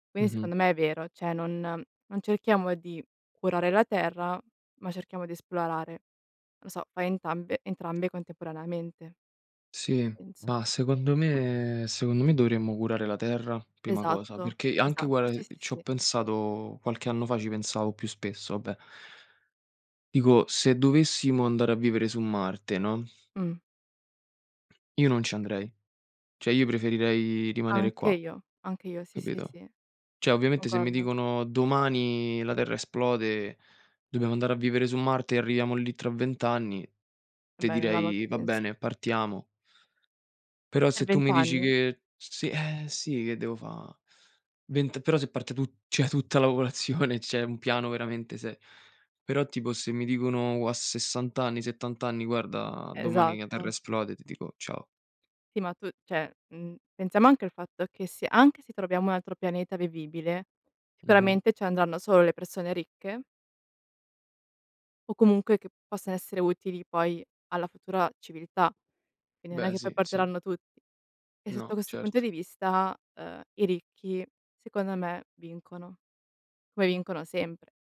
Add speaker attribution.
Speaker 1: Quindi
Speaker 2: Mh-mh.
Speaker 1: secondo me è vero, cioè non non cerchiamo di curare la terra, ma cerchiamo di esplorare. Lo so, fai entambe entrambe contemporaneamente.
Speaker 2: Sì,
Speaker 1: Penso.
Speaker 2: ma secondo me secondo me dovremmo curare la terra, prima cosa,
Speaker 1: Esatto,
Speaker 2: perché anche
Speaker 1: esatto,
Speaker 2: guarda,
Speaker 1: sì,
Speaker 2: ehm,
Speaker 1: sì,
Speaker 2: ci ho
Speaker 1: sì.
Speaker 2: pensato qualche anno fa ci pensavo più spesso, vabbè dico se dovessimo andare a vivere su Marte, no
Speaker 1: Mh.
Speaker 2: io non ci andrei. Cioè io preferirei rimanere qua,
Speaker 1: Anche io, anche io, sì, sì,
Speaker 2: capito.
Speaker 1: sì.
Speaker 2: Cioè ovviamente se mi
Speaker 1: Concordo.
Speaker 2: dicono: "Domani la terra esplode, dobbiamo andare a vivere su Marte e arriviamo lì tra 20 anni", te
Speaker 1: Beh, non ha molto
Speaker 2: direi: "Va
Speaker 1: senso.
Speaker 2: bene, partiamo". Però se
Speaker 1: Per
Speaker 2: tu
Speaker 1: 20
Speaker 2: mi dici
Speaker 1: anni?
Speaker 2: che s sì, eh sì, che devo fa' vent però se parte tu cioè tutta la popolazione, c'è un piano veramente se Però tipo se mi dicono u a 60 anni, 70 anni: "Guarda domani la terra
Speaker 1: Esatto.
Speaker 2: esplode", ti dico: "Ciao".
Speaker 1: Sì, ma tu cioè, mhmm, pensiamo anche al fatto che se anche se troviamo un altro pianeta vivibile,
Speaker 2: Mh-mh.
Speaker 1: sicuramente ci andranno solo le persone ricche o comunque che possano essere utili poi alla futura civiltà. Quindi non è
Speaker 2: Beh,
Speaker 1: che poi
Speaker 2: sì, sì.
Speaker 1: porteranno tutti e sotto
Speaker 2: No
Speaker 1: questo punto
Speaker 2: certo.
Speaker 1: di vista, ehm, i ricchi secondo me vincono, come vincono sempre.